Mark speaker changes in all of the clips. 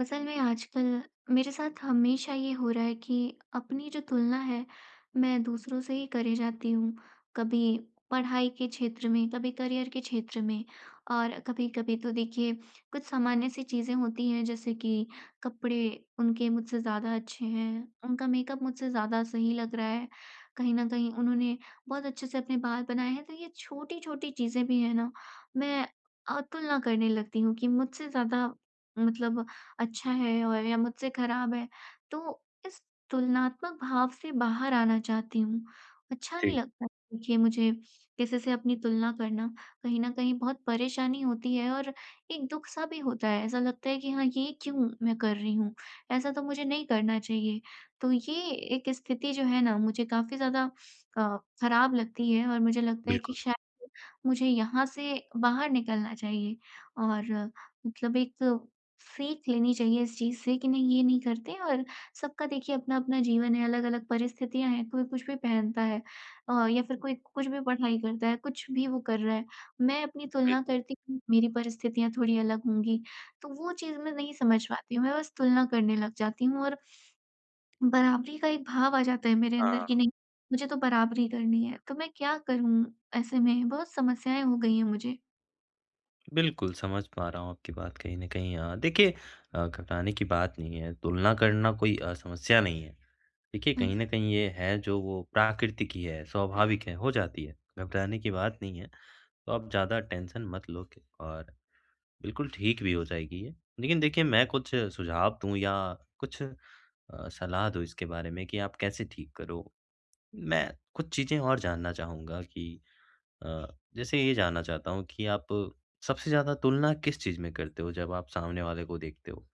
Speaker 1: असल में आजकल, मेरे साथ हमेशा ये हो रहा है कि अपनी जो तुलना है, मैं दूसरों से ही करे जाती हूँ। कभी पढ़ाई के क्षेत्र में, कभी करियर के क्षेत्र में और कभी-कभी तो देखिए कुछ सामान्य-सी चीजें होती हैं जैसे कि कपड़े उनके मुझसे ज़्यादा अच्छे हैं, उनका मेकअप मुझसे ज़्यादा सही लग रहा है, कहीं न कहीं उन्होंने बहुत अच्छे-से अपने बाल बनाए हैं तो ये छोटी-छोटी चीजें भी है ना, मैं अ, तुलना करने लगती हूँ कि मुझसे ज़्यादा मतलब अच्छा है और या मुझसे खराब है। तो इस तुलनात्मक भाव से बाहर आना चाहती हूँ, अच्छा नहीं
Speaker 2: जी।
Speaker 1: लगता है देखिए मुझे, किसी से अपनी तुलना करना, कहीं न कहीं बहुत परेशानी होती है और एक दुख-सा भी होता है। ऐसा लगता है कि हाँ, ये क्यों मैं कर रही हूँ? ऐसा तो मुझे नहीं करना चाहिए। तो ये एक स्थिति जो है ना मुझे काफ़ी ज़्यादा क खराब लगती है और मुझे लगता है कि
Speaker 2: बिल्कुल।
Speaker 1: शाय मुझे यहाँ से बाहर निकलना चाहिए और मतलब एक सीख लेनी चाहिए इस चीज से कि नहीं, ये नहीं करते और सबका देखिए अपना-अपना जीवन है, अलग-अलग परिस्थितियाँ हैं कोई कुछ भी पहनता है अ, या फिर कोई कुछ भी पढ़ाई करता है, कुछ भी वो कर रहा है। मैं अपनी तुलना
Speaker 2: बिल्कुल।
Speaker 1: करती हूँ मेरी परिस्थितियाँ थोड़ी अलग होंगी। तो वो चीज मैं नहीं समझ पाती हूँ, मैं बस तुलना करने लग जाती हूँ और बराबरी का एक भाव आ जाता है मेरे अंदर
Speaker 2: हाँ।
Speaker 1: कि नहीं, मुझे तो बराबरी करनी है। तो मैं क्या करूँ ऐसे में? बहुत समस्याएँ हो गईं हैं मुझे।
Speaker 2: बिल्कुल समझ पा रहा हूँ आपकी बात कहीं न कहीं अ, देखिए, अ, घबराने की बात नहीं है तुलना करना कोई अ, समस्या नहीं है। देखिए, कहीं
Speaker 1: हुँ।
Speaker 2: न कहीं ये है जो वो प्राकृतिक ही है, स्वाभाविक है, हो जाती है घबराने की बात नहीं है, तो आप ज़्यादा टेंशन मत लो क और बिल्कुल ठीक भी हो जाएगी ये लेकिन देखिए मैं कुछ सुझाव दूँ या कुछ अ, सलाह दूँ इसके बारे में कि आप कैसे ठीक करो, मैं कुछ चीजें और जानना चाहूँगा कि अ, जैसे ये जानना चाहता हूँ कि आप सबसे ज़्यादा तुलना किस चीज़ में करते हो जब आप सामने वाले को देखते हो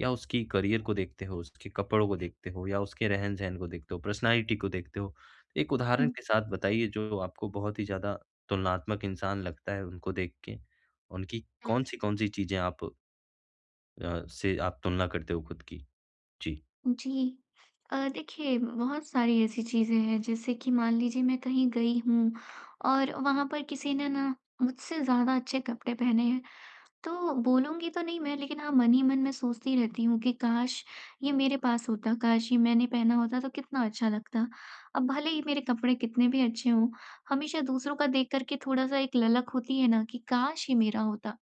Speaker 2: या उसकी करियर को देखते हो, उसके कपड़ों को देखते हो या उसके रहन-सहन को देखते हो, पर्सनैलिटी को देखते हो, एक उदाहरण
Speaker 1: हुँ।
Speaker 2: के साथ बताइए जो आपको बहुत ही ज़्यादा तुलनात्मक इंसान लगता है उनको देख के उनकी
Speaker 1: हुँ।
Speaker 2: कौन-सी कौन-सी चीज़ें आप अ, से आप तुलना करते हो ख़ुद की, जी।
Speaker 1: जी, अ, देखिए बहुत सारी ऐसी चीज़ें हैं जैसे कि मान लीजिए मैं कहीं गई हूँ और वहाँ पर किसी ने ना मुझसे ज़्यादा अच्छे कपड़े पहने हैं तो बोलूँगी तो नहीं मैं, लेकिन हाँ मन ही मन मैं सोचती रहती हूँ कि काश! ये मेरे पास होता, काश! ये मैंने पहना होता तो कितना अच्छा लगता। अब भले ही मेरे कपड़े कितने भी अच्छे हों, हमेशा दूसरों का देख कर के थोड़ा-सा एक ललक होती है ना कि काश! ये मेरा होता,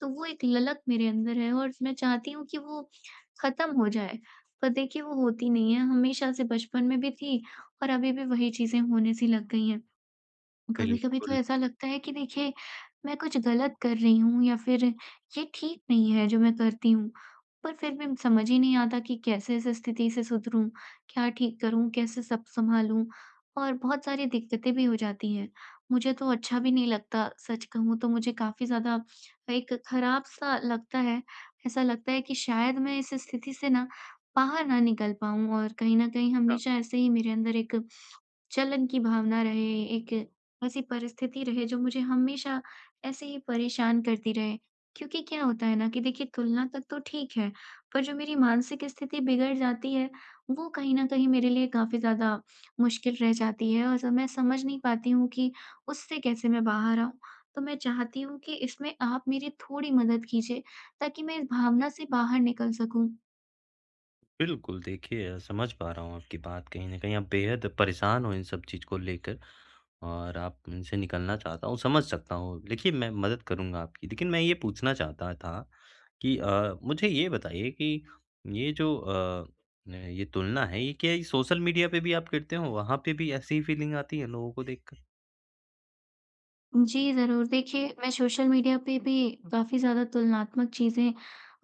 Speaker 1: तो वो एक ललक मेरे अंदर है और मैं चाहती हूँ कि वो ख़त्म हो जाए, पर देखिए वो होती नहीं है हमेशा से बचपन में भी थी और अभी भी वही चीज़ें होने सी लग गई हैं। कभी-कभी तो
Speaker 2: बिल्कुल।
Speaker 1: ऐसा लगता है कि देखिए मैं कुछ ग़लत कर रही हूँ या फिर ये ठीक नहीं है जो मैं करती हूँ, पर फिर भी समझ ही नहीं आता कि कैसे इस स्थिति से सुधरूँ, क्या ठीक करूँ, कैसे सब संभालूँ और बहुत सारी दिक्कतें भी हो जाती हैं। मुझे तो अच्छा भी नहीं लगता सच कहूँ तो मुझे काफ़ी ज़्यादा एक खराब सा लगता है ऐसा लगता है कि शायद मैं इस स्थिति से ना बाहर ना निकल पाऊँ और कहीं न कहीं
Speaker 2: हाँ।
Speaker 1: हमेशा ऐसे ही मेरे अंदर एक जलन की भावना रहे, एक ऐसी परिस्थिति रहे जो मुझे हमेशा ऐसे ही परेशान करती रहे क्योंकि क्या होता है ना कि देखिए तुलना तक तो ठीक है पर जो मेरी मानसिक स्थिति बिगड़ जाती है, वो कहीं न कहीं मेरे लिए काफ़ी ज़्यादा मुश्किल रह जाती है और जब मैं समझ नहीं पाती हूँ कि उससे कैसे मैं बाहर आऊँ, तो मैं चाहती हूँ कि इसमें आप मेरी थोड़ी मदद कीजिए ताकि मैं इस भावना से बाहर निकल सकूँ।
Speaker 2: बिल्कुल, देखिए अ, समझ पा रहा हूँ आपकी बात कहीं न कहीं, आप बेहद परेशान हो इन सब चीज़ को लेकर और आप इनसे निकलना चाहता हो समझ सकता हूँ, देखिए मैं मदद करूँगा आपकी, लेकिन मैं ये पूछना चाहता था कि अ, मुझे ये बताइए कि ये जो अ, ये तुलना है, ये क्या ये सोशल मीडिया पे भी आप करते हो? वहाँ पे भी ऐसी ही फीलिंग आती है लोगों को देखकर?
Speaker 1: जी ज़रूर, देखिए मैं सोशल मीडिया पे भी काफ़ी ज़्यादा तुलनात्मक चीजें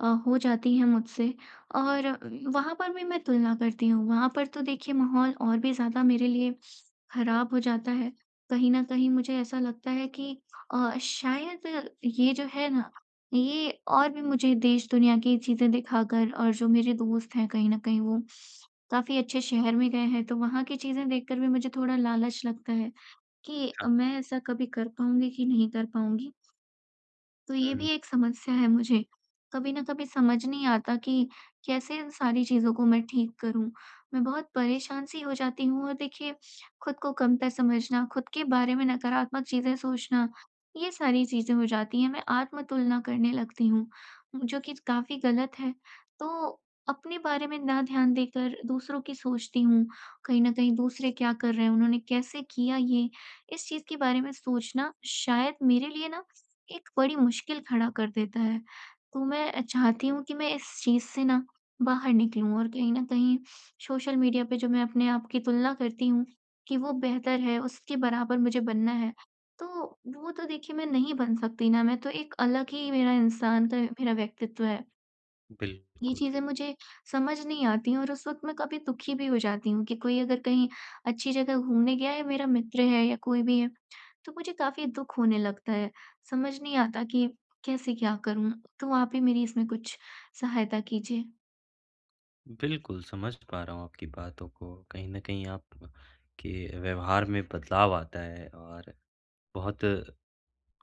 Speaker 1: अ, हो जाती हैं मुझसे और उ वहाँ पर भी मैं तुलना करती हूँ, वहाँ पर तो देखिए माहौल और भी ज़्यादा मेरे लिए खराब हो जाता है। कहीं न कहीं मुझे ऐसा लगता है कि अ, शायद ये जो है ना, ये और भी मुझे देश-दुनिया की चीजें दिखाकर और जो मेरे दोस्त हैं कहीं न कहीं वो काफ़ी अच्छे शहर में गए हैं तो वहाँ की चीजें देखकर भी मुझे थोड़ा लालच लगता है, कि अ,
Speaker 2: हाँ।
Speaker 1: मैं ऐसा कभी कर पाऊँगी कि नहीं कर पाऊँगी? तो ये
Speaker 2: हुँ।
Speaker 1: भी एक समस्या है मुझे, कभी ना कभी समझ नहीं आता कि कैसे इन सारी चीज़ों को मैं ठीक करूँ? मैं बहुत परेशान-सी हो जाती हूँ और देखिए, खुद को कमतर समझना, खुद के बारे में नकारात्मक चीजें सोचना, ये सारी चीजें हो जाती हैं मैं आत्म-तुलना करने लगती हूँ, म जो कि काफ़ी गलत है। तो अपने बारे में ना ध्यान देकर दूसरों की सोचती हूँ, कहीं न कहीं दूसरे क्या कर रहे हैं, उन्होंने कैसे किया ये? इस चीज के बारे में सोचना, शायद मेरे लिए ना एक बड़ी मुश्किल खड़ा कर देता है। तो मैं अ, चाहती हूँ कि मैं इस चीज़ से ना, बाहर निकलूँ और कहीं न कहीं सोशल मीडिया पे जो मैं अपने आप की तुलना करती हूँ, कि वो बेहतर है, उसके बराबर मुझे बनना है। तो वो तो देखिए मैं नहीं बन सकती ना, मैं तो एक अलग ही मेरा इंसान्त है, मेरा व्यक्तित्व है। ये
Speaker 2: बिल्कुल।
Speaker 1: चीज़ें मुझे समझ नहीं आती और उस वक़्त मैं काफ़ी दुखी भी हो जाती हूँ कि कोई अगर कहीं अच्छी जगह घूमने गया है, मेरा मित्र है या कोई भी है तो मुझे काफ़ी दुख होने लगता है। समझ नहीं आता कि कैसे क्या करूँ। तो आप ही मेरी इसमें कुछ सहायता कीजिए।
Speaker 2: बिल्कुल, समझ पा रहा हूँ आपकी बातों को। कहीं न कहीं आप के व्यवहार में बदलाव आता है और बहुत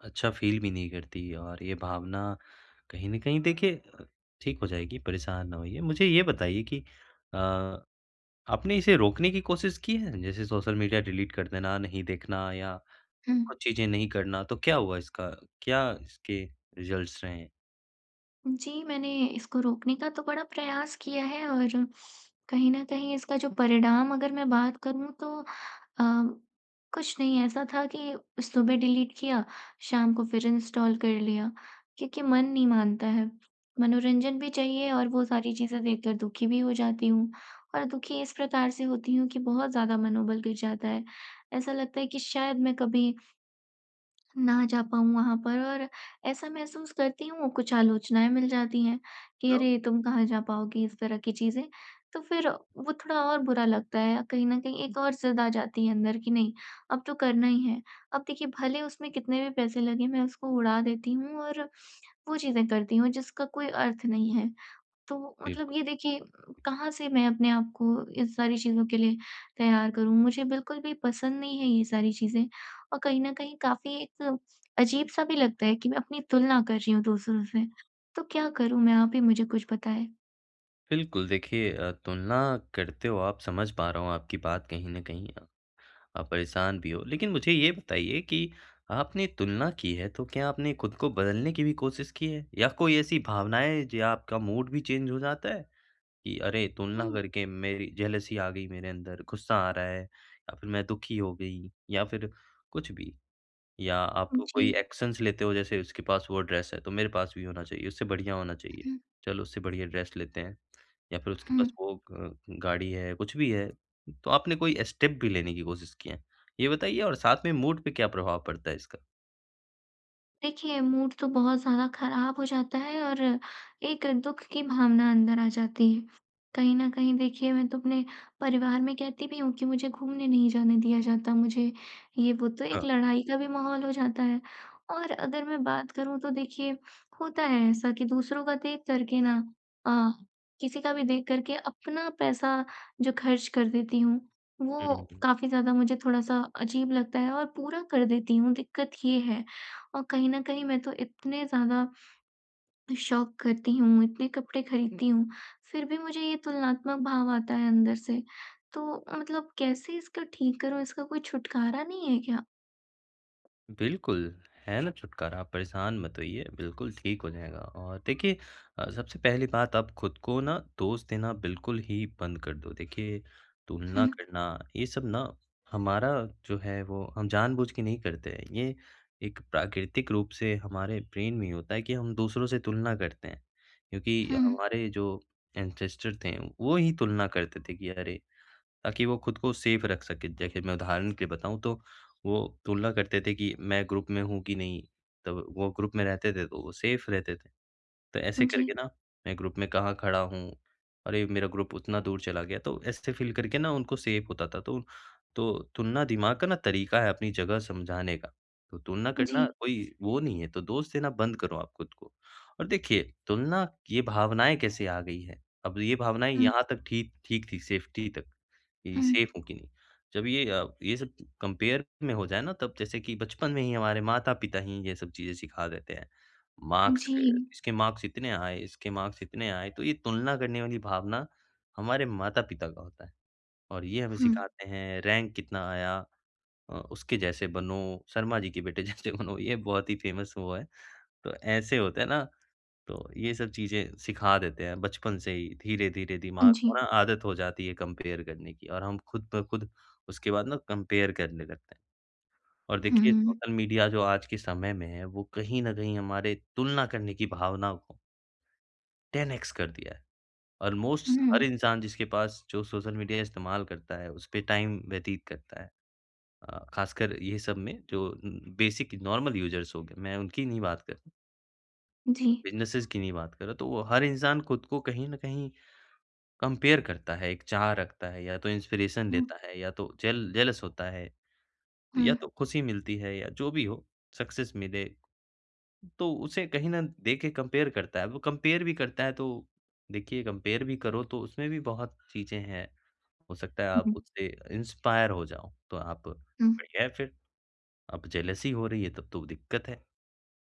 Speaker 2: अच्छा फ़ील भी नहीं करती और ये भावना कहीं न कहीं देखिए ठीक हो जाएगी। परेशान ना होइए। मुझे ये बताइए कि अ, आपने इसे रोकने की कोशिश की है? जैसे सोशल मीडिया डिलीट कर देना, नहीं देखना या
Speaker 1: हुँ।
Speaker 2: कुछ चीज़ें नहीं करना तो क्या हुआ इसका? क्या इसके रिज़ल्ट्स रहें?
Speaker 1: उम, जी, मैंने इसको रोकने का तो बड़ा प्रयास किया है और कहीं न कहीं इसका जो परिणाम अगर मैं बात करूँ तो अ,
Speaker 2: हाँ।
Speaker 1: कुछ नहीं ऐसा था कि सुबह डिलीट किया, शाम को फ़िर इनस्टॉल कर लिया। क्योंकि मन नहीं मानता है। मनोरंजन भी चाहिए और वो सारी चीज़ें देखकर दुखी भी हो जाती हूँ। और दुखी इस प्रकार से होती हूँ कि बहुत ज़्यादा मनोबल गिर जाता है। ऐसा लगता है कि शायद मैं कभी ना जा पाऊँ वहाँ पर और ऐसा महसूस करती हूँ कुछ आलोचनाएँ मिल जाती हैं कि
Speaker 2: [unintelligible]
Speaker 1: अरे तुम कहाँ जा पाओगी इस तरह की चीज़ें। तो फ़िर वो थोड़ा और बुरा लगता है। कहीं न कहीं एक और ज़िद आ जाती है अंदर कि नहीं, अब तो करना ही है। अब देखिए भले उसमें कितने भी पैसे लगें मैं उसको उड़ा देती हूँ और वो चीज़ें करती हूँ जिसका कोई अर्थ नहीं है। तो मतलब
Speaker 2: बिल्कुल
Speaker 1: ये देखिए कहाँ से मैं अपने आप को इन सारी चीज़ों के लिए तैयार करूँ। मुझे बिल्कुल भी पसंद नहीं है ये सारी चीज़ें और कहीं न कहीं काफ़ी एक अजीब-सा भी लगता है कि मैं अपनी तुलना कर रही हूँ दूसरों से। तो क्या करूँ मैं आप ही मुझे कुछ बताएँ।
Speaker 2: बिल्कुल, देखिए अ, तुलना करते हो आप समझ पा रहा हूँ आपकी बात कहीं न कहीं। आप परेशान भी हो, लेकिन मुझे यह बताइए कि आपने तुलना की है तो क्या आपने खुद को बदलने की भी कोशिश की है? या कोई ऐसी भावनाएँ हैं जो आपका मूड भी चेंज हो जाता है कि अरे तुलना
Speaker 1: हुँ।
Speaker 2: करके मेरी अ, जेलसी आ गई मेरे अंदर, गुस्सा आ रहा है या फिर मैं दुखी हो गई या फिर कुछ भी। या आप
Speaker 1: हुँ,
Speaker 2: कोई
Speaker 1: जी।
Speaker 2: एक्शनस लेते हो जैसे उसके पास वो ड्रेस है तो मेरे पास भी होना चाहिए, उससे बढ़िया होना चाहिए।
Speaker 1: हुँ।
Speaker 2: चलो उससे बढ़िया ड्रेस लेते हैं या फिर उसके पास
Speaker 1: हुँ।
Speaker 2: वो ग गाड़ी है, कुछ भी है तो आपने कोई स्टेप भी लेने की कोशिश की है। ये बताइए और साथ में मूड पर क्या प्रभाव पड़ता है इसका?
Speaker 1: देखिए मूड तो बहुत ज़्यादा खराब हो जाता है और एक दुख की भावना अंदर आ जाती है। कहीं न कहीं देखिए मैं तो अपने परिवार में कहती भी हूँ कि मुझे घूमने नहीं जाने दिया जाता मुझे, ये वो तो एक
Speaker 2: हाँ।
Speaker 1: लड़ाई का भी माहौल हो जाता है। और अगर मैं बात करूँ तो देखिए होता है ऐसा कि दूसरों का देख करके ना अ, किसी का भी देख करके अपना पैसा जो खर्च कर देती हूँ, वो
Speaker 2: हुँ, हुँ।
Speaker 1: काफ़ी ज़्यादा मुझे थोड़ा-सा अजीब लगता है और पूरा कर देती हूँ दिक्कत ये है। और कहीं न कहीं मैं तो इतने ज़्यादा शॉप करती हूँ, इतने कपड़े खरीदती हूँ फिर भी मुझे ये तुलनात्मक भाव आता है अंदर से। तो अ, मतलब कैसे इसका ठीक करूँ, इसका कोई छुटकारा नहीं है क्या?
Speaker 2: बिल्कुल, है ना छुटकारा आप परेशान मत होइए, बिल्कुल ठीक हो जाएगा और देखिए अ, सबसे पहली बात आप खुद को ना दोष देना बिल्कुल ही बंद कर दो, देखिए तुलना
Speaker 1: हुँ।
Speaker 2: करना ये सब ना हमारा जो है वो हम जानबूझकर नहीं करते हैं। ये एक प्राकृतिक रूप से हमारे ब्रेन में ही होता है कि हम दूसरों से तुलना करते हैं। क्योंकि
Speaker 1: हुँ, हुँ।
Speaker 2: हमारे जो ऐन्सेस्टर थे वो ही तुलना करते थे कि अरे ताकि वो खुद को सेफ रख सके, जैसे कि मैं उदाहरण के लिए बताऊँ तो वो तुलना करते थे कि मैं ग्रुप में हूँ कि नहीं। तब वो ग्रुप में रहते थे तो वो सेफ रहते थे। तो ऐसे
Speaker 1: उम,
Speaker 2: करके
Speaker 1: जी।
Speaker 2: ना मैं ग्रुप में कहाँ खड़ा हूँ, अरे मेरा ग्रुप उतना दूर चला गया तो ऐसे फ़ील करके ना उनको सेफ होता था तो तो तुलना दिमाग का ना तरीका है अपनी जगह समझाने का, तो तुलना
Speaker 1: उम,
Speaker 2: करना
Speaker 1: जी।
Speaker 2: कोई वो नहीं है तो दोष देना बंद करो आप खुद को। और देखिए तुलना, ये भावनाएँ कैसे आ गई है, अब ये भावनाएँ
Speaker 1: हुँ।
Speaker 2: यहाँ तक ठीक ठीक थी सेफटी तक कि
Speaker 1: हुँ, हुँ।
Speaker 2: सेफ हूँ कि नहीं। जब ये अ, ये सब कम्पेयर में हो जाए ना तब जैसे कि बचपन में ही हमारे माता-पिता ही ये सब चीज़ें सिखा देते हैं।
Speaker 1: उम,
Speaker 2: मार्क्स क
Speaker 1: जी।
Speaker 2: इसके मार्क्स इतने आए, इसके मार्क्स इतने आए तो ये तुलना करने वाली भावना हमारे माता-पिता का होता है और ये हमें
Speaker 1: हुँ।
Speaker 2: सिखाते हैं रैंक कितना आया। अ, उसके जैसे बनो, शर्मा जी के बेटे जैसे बनो। ये बहुत ही फेमस वो है। तो ऐसे होता है ना तो ये सब चीजें सिखा देते हैं बचपन से ही धीरे-धीरे दिमाग
Speaker 1: हाँ
Speaker 2: को
Speaker 1: जी।
Speaker 2: ना आदत हो जाती है कम्पेयर करने की और हम खुद ब खुद उसके बाद ना कम्पेयर करने लगते हैं। और
Speaker 1: हुँ,
Speaker 2: देखिए
Speaker 1: हुँ, हुँ।
Speaker 2: सोशल मीडिया जो आज के समय में है वो कहीं न कहीं हमारे तुलना करने की भावना को 10 एक्स कर दिया है। ऑल्मोस्ट हर
Speaker 1: उहुँ।
Speaker 2: इंसान जिसके पास जो सोशल मीडिया इस्तेमाल करता है, उस पे टाइम व्यतीत करता है। अ, खासकर ये सब में जो उम, बेसिक नॉर्मल युज़र्स होंगे, मैं उनकी नहीं बात कर
Speaker 1: जी।
Speaker 2: बिज़नेसिज़ की नहीं बात कर रहा तो वो हर इंसान खुद को कहीं न कहीं कंपेयर करता है एक चाह रखता है या तो इंस्पिरेशन
Speaker 1: हुँ।
Speaker 2: देता है या तो जेल जेलस होता है या
Speaker 1: हुँ।
Speaker 2: तो ख़ुशी मिलती है या जो भी हो, सक्सेस मिले ...तो उसे कहीं ना देख के कंपेयर करता है वो कंपेयर भी करता है तो देखिए कंपेयर भी करो तो उसमें भी बहुत चीज़ें हैं, हो सकता है
Speaker 1: हुँ
Speaker 2: आप
Speaker 1: हुँ।
Speaker 2: उससे इंस्पायर हो जाओ तो आप
Speaker 1: हुँ।
Speaker 2: बढ़िया है फ़िर। अब जेलसी हो रही है तब तो दिक्कत है,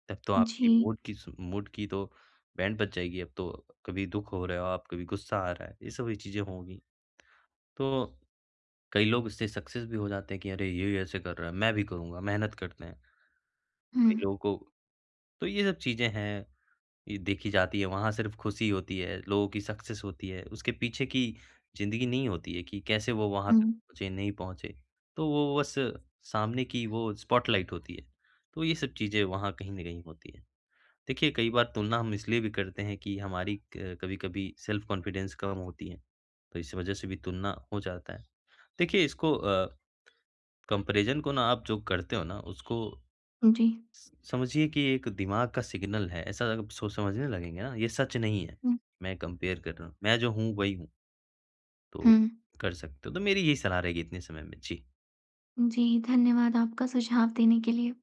Speaker 2: तब तो
Speaker 1: जी।
Speaker 2: आपकी मूड की स मूड की तो बैंड बज जाएगी, अब तो कभी दुख हो रहा हो आप, कभी गुस्सा आ रहा है, ये सब चीज़ें होंगी। तो कई लोग इससे सक्सेस भी हो जाते हैं कि अरे ये ऐसे कर रहा है, मैं भी करूँगा, मेहनत करते हैं। कई
Speaker 1: हुँ।
Speaker 2: लोगों को तो ये सब चीज़ें हैं, ये देखी जाती है वहाँ सिर्फ खुशी होती है, लोगों की सक्सेस होती है, उसके पीछे की ज़िंदगी नहीं होती है कि कैसे वो वहाँ तक
Speaker 1: हुँ।
Speaker 2: पहुँचे, नहीं पहुँचे। तो वो बस सामने की वो स्पॉटलाइट होती है। तो ये सब चीज़ें वहाँ कहीं न कहीं होती हैं। देखिए कई बार तुलना हम इसलिए भी करते हैं कि हमारी क कभी-कभी सेल्फ कॉन्फिडेंस कम होती है, तो इस वजह से भी तुलना हो जाता है। देखिए इसको अ, कंपैरिज़न को ना आप जो करते हो ना उसको
Speaker 1: हुँ, जी।
Speaker 2: स समझिए कि एक दिमाग का सिग्नल है, ऐसा सोच समझने लगेंगे ना, ये सच नहीं है,
Speaker 1: हुँ।
Speaker 2: मैं कंपेयर कर रहा हूँ। मैं जो हूँ, वही हूँ। तो,
Speaker 1: हुँ।
Speaker 2: कर सकते हो तो मेरी यही सलाह रहेगी इतने समय में। जी।
Speaker 1: जी, धन्यवाद आपका सुझाव देने के लिए।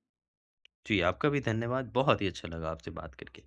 Speaker 2: जी, आपका भी धन्यवाद। बहुत ही अच्छा लगा आपसे बात करके।